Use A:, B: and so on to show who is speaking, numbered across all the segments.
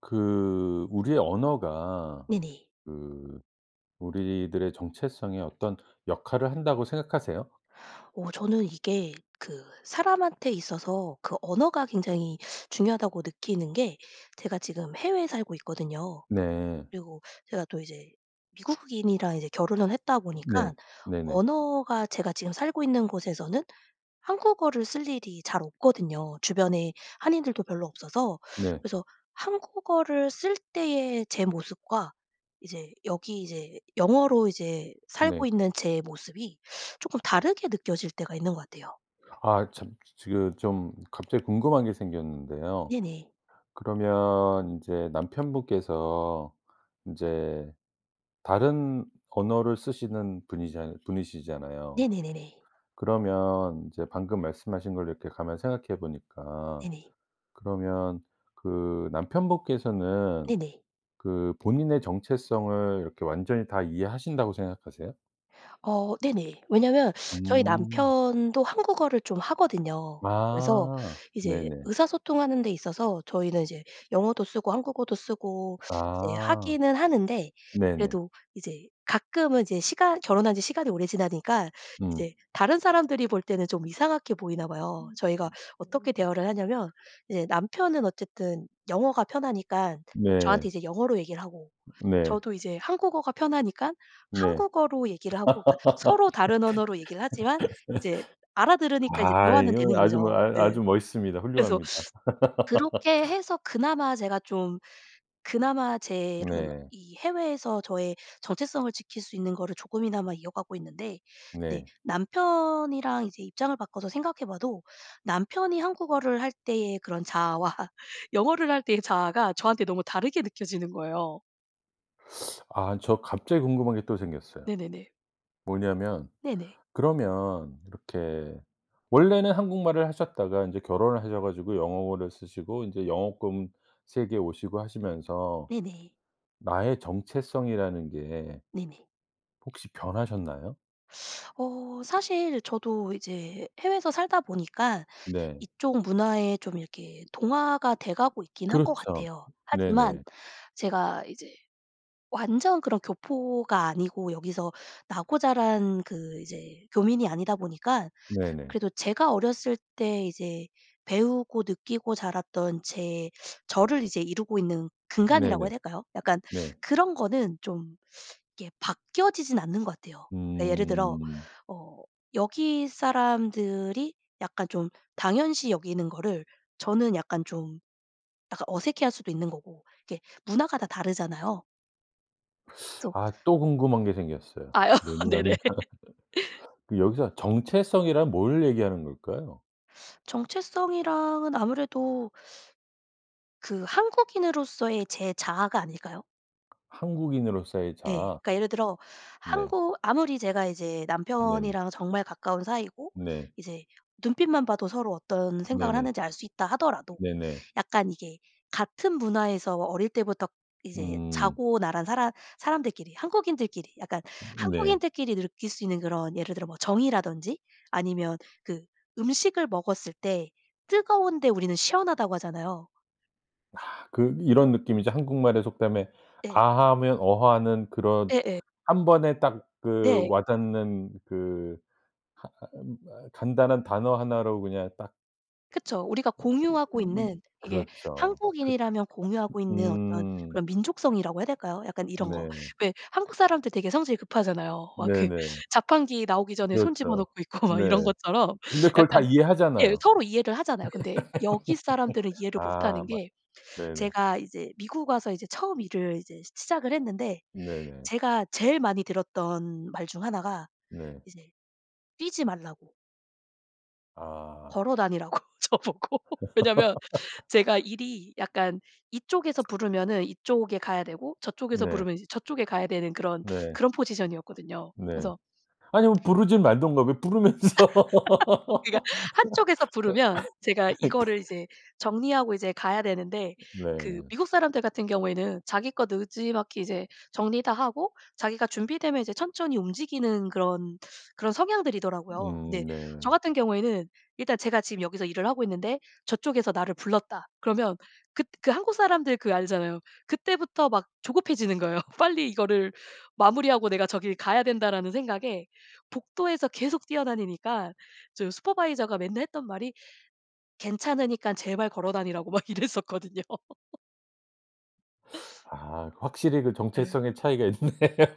A: 그 우리의 언어가
B: 네네.
A: 그 우리들의 정체성에 어떤 역할을 한다고 생각하세요?
B: 어 저는 이게 그 사람한테 있어서 그 언어가 굉장히 중요하다고 느끼는 게 제가 지금 해외에 살고 있거든요.
A: 네.
B: 그리고 제가 또 이제 미국인이랑 이제 결혼을 했다
A: 어 네.
B: 보니깐
A: 네네.
B: 언어가 제가 지금 살고 있는 곳에서는 한국어를 쓸 일이 잘 없거든요. 주변에 한인들도 별로 없어서
A: 네.
B: 그래서 한국어를 쓸 때의 제 모습과 이제 여기 이제 영어로 이제 살고
A: 네.
B: 있는 제 모습이 쪼끔 다르게 느껴질 때가 있는 것 같아요.
A: 아 참 지 지금 좀 갑자기 궁금한 게 생겼는데요.
B: 네네.
A: 그러면 인제 남편 분께서 인제 다른 언어를 쓰시는 분이잖 분이시잖아요.
B: 네네네네.
A: 그러면 이제 방금 말씀하신 거를 이렇게 가만히 생각해 보니까
B: 네네.
A: 그러면 그 남편 분께서는
B: 네네.
A: 그 본인의 정체성을 이렇게 완전히 다 이해하신다고 생각하세요?
B: 어 네네. 왜냐하면 저희
A: 음.
B: 남편도 한국어를 좀 하거든요. 그래서
A: 아.
B: 이제
A: 네네.
B: 의사소통하는 데 있어서 저희는 이제 영어도 쓰고 한국어도 쓰고 이제
A: 아.
B: 하기는 하는데
A: 네네.
B: 그래도 이제 가끔은 이제 시간 결혼한 지 시간이 오래 지나니까 이제
A: 음.
B: 다른 사람들이 볼 때는 좀 이상하게 보이나 봐요. 저희가 어떻게 대화를 하냐면 이제 남편은 어쨌든 영어가 편하니깐 저한테
A: 네.
B: 이제 영어로 얘기를 하고
A: 네.
B: 저도 이제 한국어가 편하니깐
A: 네.
B: 한국어로 얘기를 하고 그러니까 서로 다른 언어로 얘기를 하지만 이제 알아들으니까 이제
A: 아
B: 대화는
A: 이거
B: 되는
A: 아주 뭐
B: 거죠.
A: 아
B: 네.
A: 아주 멋있습니다.
B: 그래서
A: 훌륭합니다.
B: 그렇게 해서 그나마 제가 좀 그나마 제 이런
A: 네.
B: 이 해외에서 저의 정체성을 지킬 수 있는 거를 조금이나마 이어가고 있는데
A: 네.
B: 네 남편이랑 이제 입장을 바꿔서 생각해 봐도 남편이 한국어를 할 때의 그런 자아와 영어를 할 때의 자아가 저한테 너무 다르게 느껴지는 거예요.
A: 아 저 갑자기 궁금한 게 또 생겼어요.
B: 네네네.
A: 뭐냐면
B: 네네.
A: 그러면 이렇게 원래는 한국말을 하셨다가 인제 결혼을 하셔 가지고 영어를 쓰시고 인제 영어권 세계에 오시고 하시면서
B: 네네.
A: 나의 정체성이라는 게
B: 네네.
A: 혹시 변하셨나요?
B: 어 사실 저도 이제 해외에서 살다 보니까
A: 네.
B: 이쪽 문화에 좀 이렇게 동화가 돼가고 있긴 한 것
A: 그렇죠.
B: 같아요. 하지만
A: 네네.
B: 제가 이제 완전 그런 교포가 아니고 여기서 나고 자란 그 이제 교민이 아니다 보니까
A: 네네.
B: 그래도 제가 어렸을 때 이제 배우고 느끼고 자랐던 제 저를 이제 이루고 있는 근간이라고 해야
A: 네네.
B: 될까요? 약간
A: 네.
B: 그런 거는 좀 이게 바뀌어지지는 않는 것 같아요. 그러니까 예를 들어
A: 음.
B: 어 여기 사람들이 약간 좀 당연시 여기는 거를 저는 약간 좀 약간 어색해 할 수도 있는 거고. 이게 문화가 다 다르잖아요. [unintelligible]
A: 아. 또 궁금한 게 생겼어요.
B: 아 네네.
A: 뭐냐면 그 여기서 정체성이란 뭘 얘기하는 걸까요?
B: 정체성이랑은 아무래도 그 한국인으로서의 제 자아가 아닐까요?
A: 한국인으로서의
B: 예.
A: 자아.
B: 그러니까 예를 들어
A: 네.
B: 한국 아무리 제가 이제
A: 네네.
B: 남편이랑 정말 가까운 사이고
A: 네.
B: 이제 눈빛만 봐도 서로 어떤 생각을
A: 네네.
B: 하는지 알 수 있다하더라도
A: 네네.
B: 약간 이게 같은 문화에서 어릴 때부터 이제
A: 음.
B: 자고 나란 사람 사람들끼리 한국인들끼리 약간
A: 음. 네.
B: 한국인들끼리 느낄 수 있는 그런 예를 들어 뭐 정이라든지 아니면 그 음식을 먹었을 때 뜨거운데 우리는 시원하다고 하잖아요.
A: 아 그 이런 느낌이죠. 한국말의 속담에
B: 네.
A: 아 하면 어 하는 그런
B: 예예.
A: 1 번에 딱 그
B: 네.
A: 와 닿는 그 하 아 음 어 간단한 단어 1 로 그냥 딱
B: 그쵸. 우리가 공유하고
A: 음
B: 있는,
A: 그 음
B: 이게
A: 그렇죠. 그
B: 한국인이라면 공유하고 있는 어떤
A: 음.
B: 그런 민족성이라고 해야 될까요? 약간 이런 거.
A: 네.
B: 왜 한국 사람들 되게 성질이 급하잖아요. 막 그
A: 네네.
B: 자판기 나오기 전에 손 집어
A: 그렇죠.
B: 넣고 있고 막
A: 네.
B: 이런 것처럼
A: 근데 그걸 다
B: 약간 예
A: 이해하잖아요.
B: 서로 이해를 하잖아요. 근데 여기 사람들은 이해를 못
A: 아
B: 하는
A: 맞
B: 게
A: 네네.
B: 제가 이제 미국 와서 이제 처음 일을 이제 시 시작을 했는데
A: 네네.
B: 제가 제일 많이 들었던 말 중 1 가
A: 네.
B: 이제 뛰지 말라고.
A: 아.
B: 걸어다니라고 저보고. 왜냐하면 제가 일이 약간 이쪽에서 부르면은 이쪽에 가야 되고 저쪽에서
A: 네.
B: 부르면 이제 저쪽에 가야 되는 그런
A: 네.
B: 그런 포지션이었거든요.
A: 네.
B: 그래서
A: 아니 뭐 부르지 말든가. 왜 부르면서
B: 그러니까 한쪽에서 부르면 제가
A: 그러니까.
B: 이거를 이제 정리하고 이제 가야 되는데 그
A: 네.
B: 미국 사람들 같은 경우에는 자기 거 느지막이 이제 정리 다 하고 자기가 준비되면 이제 천천히 움직이는 그런 그런 성향들이더라고요. 근데
A: 음
B: 저
A: 네.
B: 같은 경우에는 일단 제가 지금 여기서 일을 하고 있는데 저쪽에서 나를 불렀다, 그러면 긋 그 한국 사람들 그 알잖아요. 그때부터 막 조급해지는 거예요. '빨리 이거를 마무리하고 내가 저기를 가야 된다.'라는 생각에 복도에서 계속 뛰어다니니까 저 슈퍼바이저가 맨날 했던 말이 괜찮으니깐 제발 걸어다니라고 막 이랬었거든요.
A: 아 확실히 그
B: 예.
A: 정체성의 차이가 있네요.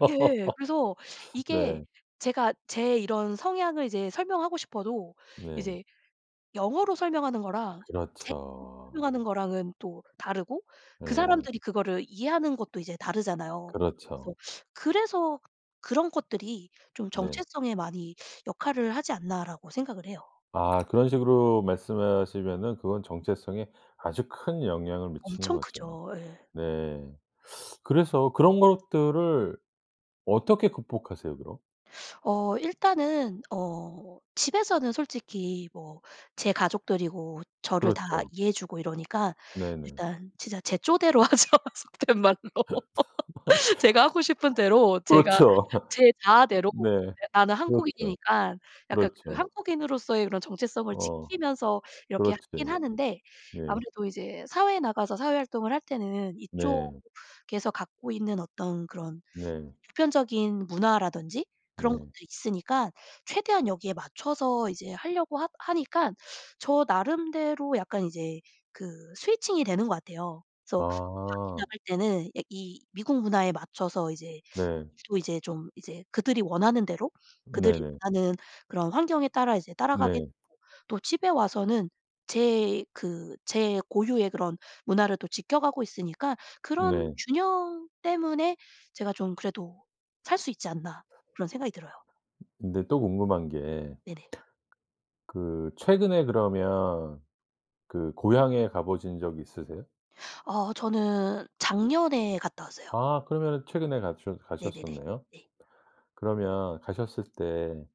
B: 예예예. 그래서 이게
A: 네.
B: 제가 제 이런 성향을 이제 설명하고 싶어도
A: 네.
B: 이제 영어로 설명하는 거랑 제 [unintelligible]
A: 그렇죠.
B: 설명하는 거랑은 또 다르고 그
A: 예.
B: 사람들이 그거를 이해하는 것도 이제 다르잖아요.
A: 그렇죠.
B: 그래서 그래서 '그런 것들이 좀
A: 네.
B: 정체성에 많이 역할을 하지 않나.'라고 생각을 해요.
A: 아 그런 식으로 말씀을 하시면은 그건 정체성에 아주 큰 영향을 미치는
B: 엄청
A: 거죠.
B: 크죠. 예.
A: 네. 그래서 그런 것들을 어떻게 극복하세요, 그럼?
B: 어 일단은 어 집에서는 솔직히 뭐 제 가족들이고 저를 다
A: 그렇죠.
B: 이해해 주고 이러니까
A: 네네.
B: 일단 진짜 제 쪼대로 하죠 속된 말로. 제가 하고 싶은 대로 제가
A: 그렇죠.
B: 제
A: 어
B: 자아대로
A: 네.
B: 예 나는
A: 그렇죠.
B: 한국인이니까 약간 그
A: 그렇죠.
B: 한국인으로서의 그런 정체성을
A: 어
B: 지키면서 이렇게
A: 그렇지.
B: 하긴 하는데
A: 네.
B: 아무래도 이제 사회에 나가서 사회 활동을 할 때는
A: 네.
B: 이쪽에서 갖고 있는 어떤 그런
A: 네.
B: 보편적인 문화라든지 그런
A: 네.
B: 것도 있으니까 최대한 여기에 맞춰서 이제 하려고 하 하니깐 저 나름대로 약간 이제 그 switching이 되는 것 같아요. 그래서 밖에
A: 아.
B: 나갈 때는 예 이 미국 문화에 맞춰서 이제
A: 네.
B: 또 이제 좀 이제 그들이 원하는 대로 그들이
A: 네네.
B: 원하는 그런 환경에 따라 이제 따라가게
A: 네.
B: [unintelligible] 또 집에 와서는 제 그 제 고유의 그런 문화를 또 지켜 가고 있으니까 그런
A: 네.
B: 균형 때문에 제가 좀 그래도 살 수 있지 않나 그런 생각이 들어요.
A: 근데 또 궁금한 게
B: 네네.
A: 그 최근에 그러면 그 고향에 가 보신 적이 있으세요?
B: 아 저는 작년에 갔다 왔어요.
A: 아 그러면은 최근에 가춰
B: 네네네.
A: 가셨었네요?
B: 네.
A: 그러면 가셨을 때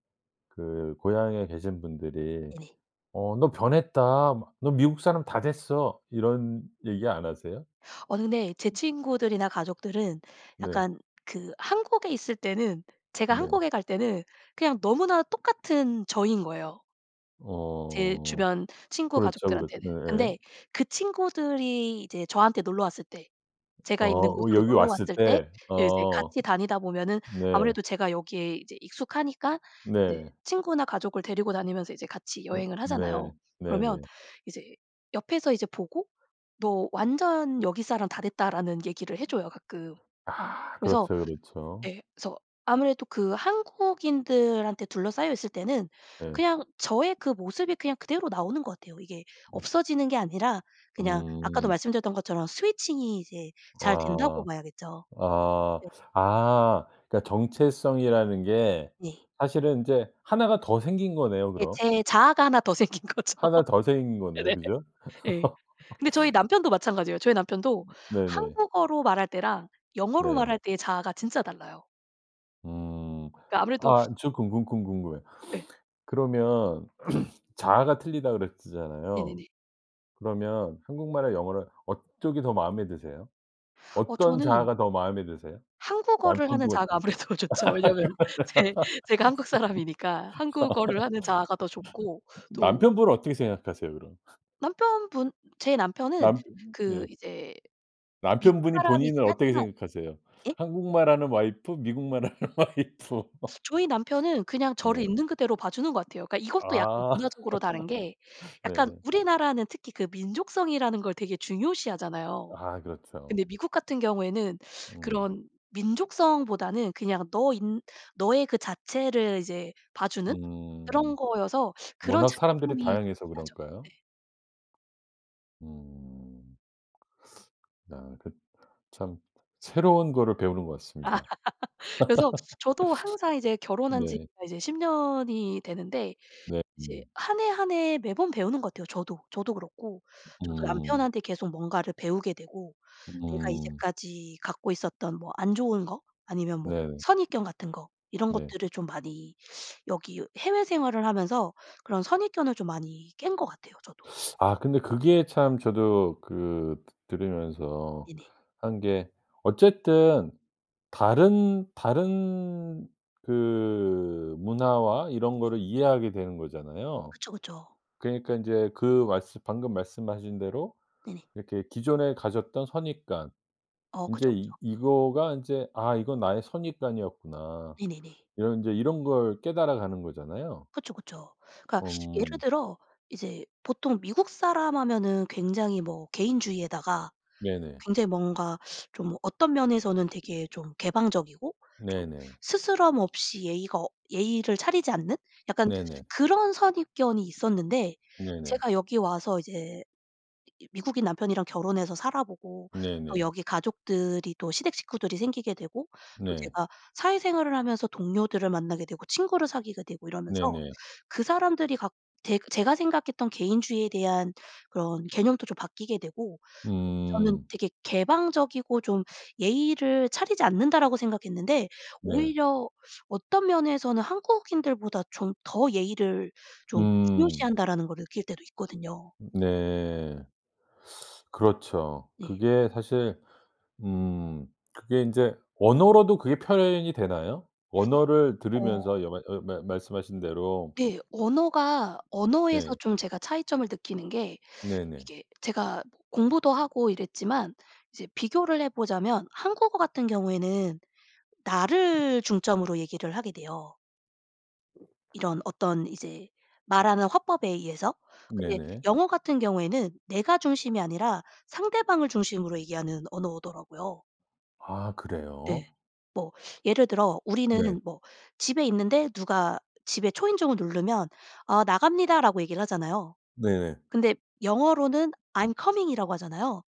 A: 그 고향에 계신 분들이
B: 네네.
A: "어 너 변했다." 막 "너 미국 사람 다 됐어." 이런 얘기 안 하세요?
B: 어느 네 제 친구들이나 가족들은
A: 네.
B: 약간 그 한국에 있을 때는 제가
A: 네.
B: 한국에 갈 때는 그냥 너무나 똑같은 저인 거예요 제
A: 어
B: 주변 친구
A: 그렇죠. 그렇
B: 가족들한테는.
A: 네예예.
B: 근데 그 친구들이 이제 저한테 놀러 왔을 때
A: 어
B: 제가 있는
A: 어
B: 곳으로
A: 여기
B: 놀러
A: 왔을
B: 왔을 때
A: 때.
B: 예 이제
A: 어.
B: 같이 다니다 보면은
A: 네.
B: 아무래도 제가 여기에 이제 익숙하니까 이제
A: 네.
B: 친구나 가족을 데리고 다니면서 이제 같이
A: 어
B: 여행을
A: 네.
B: 하잖아요. 그러면
A: 네네.
B: 이제 옆에서 이제 보고 "너 완전 여기 사람 다 됐다."라는 얘기를 해 줘요, 가끔.
A: 아
B: 그래서
A: 그렇죠, 그렇죠.
B: 예 그래서 아무래도 그 한국인들한테 둘러싸여 있을 때는
A: 예.
B: 그냥 저의 그 모습이 그냥 그대로 나오는 것 같아요. 이게
A: 네.
B: 없어지는 게 아니라 그냥 아까도
A: 음.
B: 말씀드렸던 것처럼 switching이 이제 잘 된다고
A: 와
B: 봐야겠죠.
A: 아
B: 네.
A: 아 그러니까 정체성이라는 게
B: 네.
A: 사실은 인제 1 가 더 생긴 거네요
B: 예.
A: 그럼?
B: 제 자아가 1 더 생긴 거죠.
A: 1 더 생긴 거네요.
B: 네네.
A: 그죠?
B: 예. 근데 저희 남편도 마찬가지예요. 저희 남편도
A: 네네.
B: 한국어로 말할 때랑 영어로
A: 네.
B: 말할 때의 자아가 진짜 달라요.
A: 음.
B: 그니까 아무래도
A: 아 저 궁금 궁 궁금해.
B: 예.
A: 그러면 자아가 틀리다 그랬잖아요.
B: 네네네.
A: 그러면 한국말이랑 영어랑 어떤 게 더 마음에 드세요?
B: 어
A: 어떤
B: 저는
A: 자아가 더 마음에 드세요?
B: 한국어를 하는
A: 남편분이
B: 자아가 아무래도 좋죠. 왜냐면 제 제가 한국 사람이니까 한국어를 하는 자아가 더 좋고 또
A: 남편분은 어떻게 생각하세요 그럼?
B: 남편분 제 남편은
A: 남펴
B: 그
A: 예.
B: 이제 미국
A: 남편분이
B: 사람이긴
A: 본인을 어떻게
B: 하지만
A: 생각하세요?
B: 예?
A: 한국말 하는 와이프, 미국말 하는 와이프.
B: 저희 남편은 그냥 저를
A: 네.
B: 있는 그대로 봐주는 것 같아요. 그러니까 이것도 약간
A: 아.
B: 문화적으로 다른 게 약간
A: 네.
B: 우리나라는 특히 그 민족성이라는 걸 되게 중요시하잖아요.
A: 아 그렇죠.
B: 근데 미국 같은 경우에는
A: 음.
B: 그런 민족성보다는 그냥 너인 너의 그 자체를 이제 봐주는
A: 음.
B: 그런 거여서 그런
A: 워낙
B: 차이점이
A: 사람들이
B: 좀 있긴
A: 다양해서
B: 하죠.
A: 그럴까요?
B: 네.
A: 음. 아 그 참 새로운 거를 배우는 것 같습니다.
B: 그래서 저도 항상 이제 결혼한 지가
A: 네.
B: 이제 10 년이 되는데
A: 네
B: 이제
A: 음.
B: 1 해, 1 해 매번 배우는 것 같아요 저도. 저도 그렇고 저도
A: 음.
B: 남편한테 계속 뭔가를 배우게 되고 내가
A: 음.
B: 이제까지 갖고 있었던 뭐 안 좋은 거 아니면 뭐
A: 네네.
B: 선입견 같은 거 이런
A: 네.
B: 것들을 좀 많이 여기 해외 생활을 하면서 그런 선입견을 좀 많이 깬 것 같아요 저도.
A: 아 근데 그게 참 저도 그 드 들으면서
B: 네네.
A: 한 게 어쨌든 다른 다른 그 문화와 이런
B: 네네.
A: 거를 이해하게 되는 거잖아요.
B: 그쵸, 그쵸.
A: 그러니까 인제 그 말씀 방금 말씀하신 대로
B: 네네.
A: 이렇게 기존에 가졌던 선입관
B: 어
A: 인제
B: 그쵸, 그쵸.
A: 이 이거가 인제 '아 이건 나의 선입관이었구나.'
B: 네네네.
A: 이런 인제 이런 걸 깨달아 가는 거잖아요.
B: 그쵸, 그쵸. 그러니까 예를
A: 엄.
B: 들어 이제 보통 미국 사람 하면은 굉장히 뭐 개인주의에다가
A: 네네.
B: 굉장히 뭔가 좀 어떤 면에서는 되게 좀 개방적이고 좀
A: 네네.
B: 스스럼없이 예의가 예의를 차리지 않는 약간
A: 네네.
B: 그런 선입견이 있었는데
A: 네네.
B: 제가 여기 와서 이제 이 미국인 남편이랑 결혼해서 살아보고 또
A: 네네.
B: 여기 가족들이 또 시댁 식구들이 생기게 되고 또
A: 네.
B: 제가 사회생활을 하면서 동료들을 만나게 되고 친구를 사귀게 되고 이러면서
A: 네네.
B: 그 사람들이 갖 제 제가 생각했던 개인주의에 대한 그런 개념도 좀 바뀌게 되고 또 저는
A: 음.
B: 되게 '개방적이고 좀 예의를 차리지 않는다.'라고 생각했는데
A: 네.
B: '오히려 어떤 면에서는 한국인들보다 좀 더 예의를 좀
A: 음.
B: 중요시한다.'라는 걸 느낄 때도 있거든요.
A: 네. 그렇죠.
B: 네.
A: 그게 사실 음 그게 인제 언어로도 그게 표현이 되나요? 언어를
B: 어.
A: 들으면서 여 말 어 말 말씀하신 대로.
B: 네. 언어가 언어에서
A: 예.
B: 좀 제가 차이점을 느끼는 게
A: 네네.
B: 이게 제가 공부도 하고 이랬지만 이제 비교를 해보자면 한국어 같은 경우에는 나를 중점으로 얘기를 하게 돼요. 이런 어떤 이제 말하는 화법에 의해서 근데
A: 네네.
B: 영어 같은 경우에는 내가 중심이 아니라 상대방을 중심으로 얘기하는 언어더라고요.
A: 아
B: 예.
A: 그래요?
B: 뭐 예를 들어
A: 네.
B: 우리는 뭐 집에 있는데 누가 집에 초인종을 누르면 "아 나갑니다."라고 얘기를 하잖아요.
A: 네네.
B: 근데 영어로는 "I'm coming."이라고 하잖아요.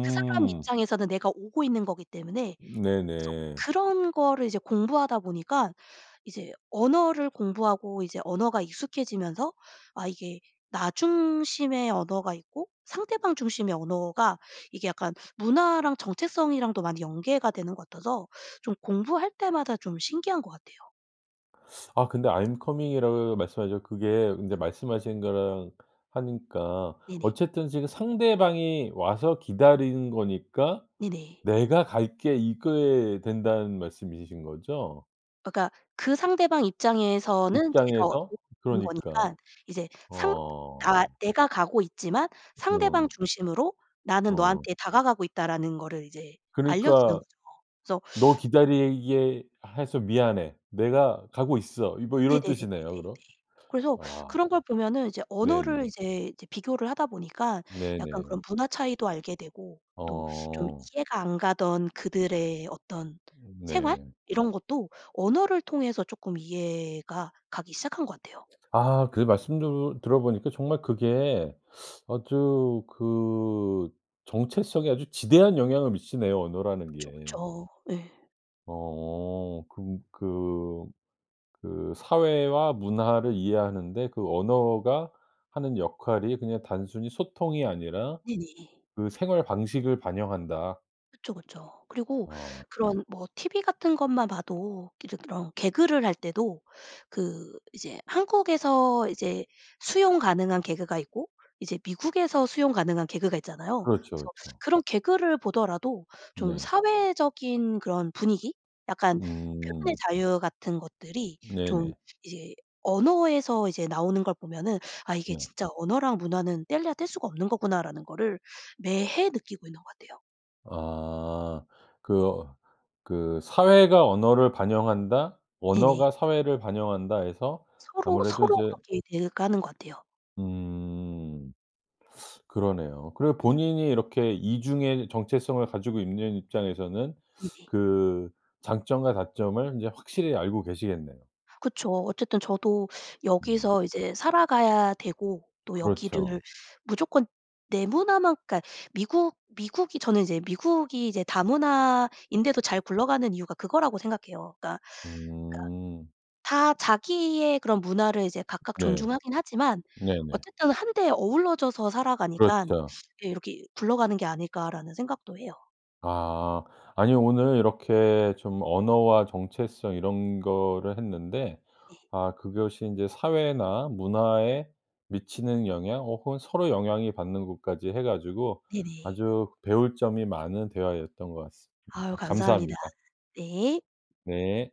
B: 그 사람 입장에서는 내가 오고 있는 거기 때문에. 그래서
A: 네네.
B: 그런 거를 이제 공부하다 보니까 이제 언어를 공부하고 이제 언어가 익숙해지면서 아 이게 나 중심의 언어가 있고 상대방 중심의 언어가 이게 약간 문화랑 정체성이랑도 많이 연계가 되는 것 같아서 좀 공부할 때마다 좀 신기한 것 같아요.
A: 아 근데 "I'm coming."이라고 말씀하셨 그게 근데
B: 네네.
A: 말씀하신 거랑 하니까
B: 네네.
A: 어쨌든 지금 상대방이 와서 기다리는 거니까
B: 네네.
A: "내가 갈게." 이게 된다는 말씀이신 거죠?
B: 아 그러니까 그 상대방 입장에서는 제가
A: 입장에서
B: 오는
A: 그러니까.
B: 거니까 이제 상 나
A: 어.
B: 내가 가고 있지만 상대방
A: 어.
B: 중심으로 '나는
A: 어.
B: 너한테 다가가고 있다.'라는 거를 이제 알려주는
A: 그러니까
B: 거죠.
A: "너
B: 그래서
A: 기다리게 해서 미안해. 내가 가고 있어." 이 뭐 이런 뜻이네요
B: 네네네네네네.
A: 그럼.
B: 그래서
A: 아.
B: 그런 걸 보면은 이제 언어를
A: 네네.
B: 이제 이제 비교를 하다 보니까 약간
A: 네네.
B: 그런 문화 차이도 알게 되고 또 좀
A: 어.
B: 이해가 안 가던 그들의 어떤 생활?
A: 네.
B: 이런 것도 언어를 통해서 쪼끔 이해가 가기 시작한 것 같아요.
A: 아 그 말씀도 들어 보니까 정말 그게 아주 그 정체성에 아주 지대한 영향을 미치네요 언어라는
B: 그쵸, 그쵸.
A: 게.
B: 예.
A: 어. 그 그 그 사회와 문화를 이해하는 데 그 언어가 하는 역할이 그냥 단순히 소통이 아니라
B: 네네.
A: 그 생활 방식을 반영한다.
B: 그쵸, 그쵸. 그리고
A: 아.
B: 그런 뭐 TV 같은 것만 봐도 예를 들어 개그를 할 때도 그 이제 한국에서 이제 수용 가능한 개그가 있고 이제 미국에서 수용 가능한 개그가 있잖아요.
A: 그렇죠,
B: 그래서
A: 그렇죠.
B: 그런 개그를 보더라도 좀
A: 네.
B: 사회적인 그런 분위기 약간 표현의
A: 음.
B: 자유 같은 것들이 좀
A: 네네.
B: 이제 언어에서 이제 나오는 걸 보면은 '아 이게
A: 네.
B: 진짜 언어랑 문화는 떼려야 뗄 수 없는 거구나.'라는 거를 매해 느끼고 있는 것 같아요.
A: 아. 그 어 그 '사회가 언어를 반영한다.',
B: 네네.
A: '언어가 사회를 반영한다.' 해서
B: 서로
A: 아무래도
B: 서로
A: 이제
B: 그렇게 돼 가는 것 같아요.
A: 음. 그러네요. 그리고
B: 네.
A: 본인이 이렇게 이중의 정체성을 가지고 있는 입장에서는
B: 네네.
A: 그 장점과 단점을 인제 확실히 알고 계시겠네요.
B: 그쵸. 어쨌든 저도
A: 음.
B: 여기서 이제 살아가야 되고 또 여기를
A: 그렇죠.
B: 무조건 내 문화만 그러니까 미국 미국이 저는 이제 미국이 이제 다문화인데도 잘 굴러가는 이유가 그거라고 생각해요. 그러니까 그러니까
A: 음.
B: 다 자기의 그런 문화를 이제 각각
A: 네.
B: 존중하긴 하지만
A: 네네.
B: 어쨌든 한데 어우러져서 살아가니깐
A: 그렇죠.
B: 예 '이게 이렇게 굴러가는 게 아닐까?'라는 생각도 해요.
A: 아. 아니요. 오늘 이렇게 좀 언어와 정체성 이런 거를 했는데
B: 네.
A: 아 그것이 인제 사회나 문화에 미치는 영향, 어 혹은 서로 영향이 받는 것까지 해 가지고
B: 네네.
A: 아주 배울 점이 많은 대화였던 것
B: 아유
A: 같습니다.
B: 감사합니다.
A: 감사합니다.
B: 네.
A: 네.